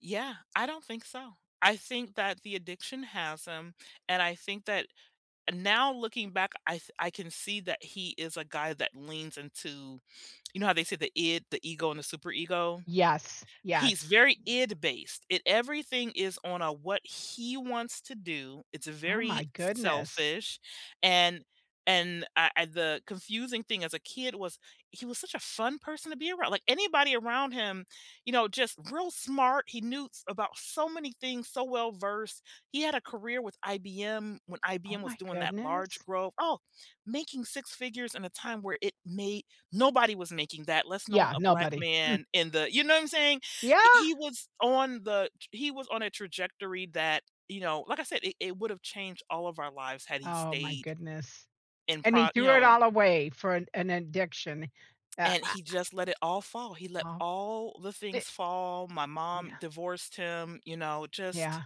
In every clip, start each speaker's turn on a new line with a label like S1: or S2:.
S1: Yeah, I don't think so. I think that the addiction has him. And I think that now looking back, I I can see that he is a guy that leans into, you know, how they say the id, the ego and the super ego.
S2: Yes.
S1: He's
S2: Yes.
S1: very id based. It everything is on a what he wants to do. It's a
S2: Oh
S1: very
S2: my goodness.
S1: selfish. And and I, uh the confusing thing as a kid was he was such a fun person to be around. Like anybody around him, you know, just real smart. He knew about so many things so well-versed. He had a career with IBM when
S2: Oh
S1: IBM was
S2: my
S1: doing that large
S2: goodness.
S1: growth, oh, making 6 figures in a time where it may nobody was making that less known
S2: Yeah,
S1: a black
S2: nobody. Mm.
S1: man in the you know what I'm saying?
S2: Yeah.
S1: He was on the he was on a trajectory that, you know, like I said, it it would have changed all of our lives had he
S2: Oh my
S1: stayed
S2: goodness.
S1: in
S2: And he
S1: pro you
S2: threw it
S1: know.
S2: all away for an an addiction. Yeah
S1: And
S2: I
S1: he
S2: I
S1: just let it all fall. He let
S2: Ah,
S1: all the
S2: di
S1: things fall. My mom
S2: Yeah.
S1: divorced him, you know, just
S2: Yeah,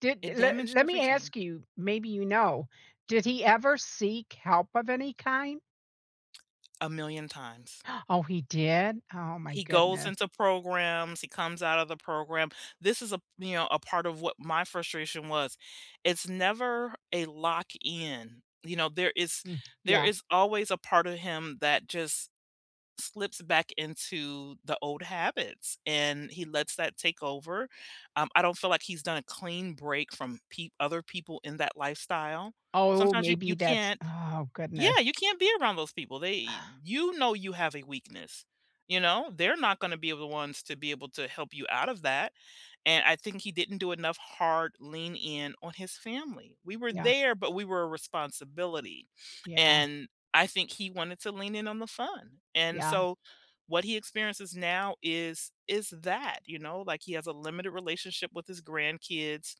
S2: did
S1: it
S2: let
S1: damaged
S2: let me
S1: everything.
S2: ask you, maybe you know, did he ever seek help of any kind?
S1: A million times.
S2: Oh, he did? Oh my
S1: He goes
S2: goodness.
S1: into programs. He comes out of the program. This is a, you know, a part of what my frustration was. It's never a lock in, you know, there is
S2: Mm,
S1: there
S2: yeah.
S1: is always a part of him that just slips back into the old habits and he lets that take over. Um, I don't feel like he's done a clean break from peo other people in that lifestyle.
S2: Oh,
S1: Sometimes you you
S2: maybe that's
S1: can't
S2: Oh,
S1: yeah,
S2: goodness.
S1: you can't be around those people. They you know you have a weakness, you know? They're not gonna be the ones to be able to help you out of that. And I think he didn't do enough hard lean-in on his family. We were
S2: Yeah.
S1: there, but we were a responsibility.
S2: Yeah.
S1: And I think he wanted to lean in on the fun. And
S2: Yeah.
S1: so what he experiences now is is that, you know, like he has a limited relationship with his grandkids.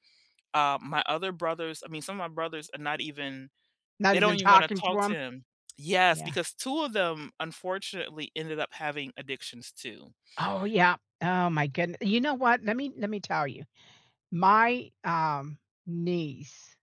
S1: Uh, my other brothers, I mean, some of my brothers are not even,
S2: Not
S1: they don't
S2: even
S1: even want to
S2: talking to
S1: talk to
S2: him?
S1: him. Yes.
S2: Yeah.
S1: Because two of them unfortunately ended up having addictions too.
S2: Oh, yeah. Oh my goodne You know what? Let me let me tell you. My, um, niece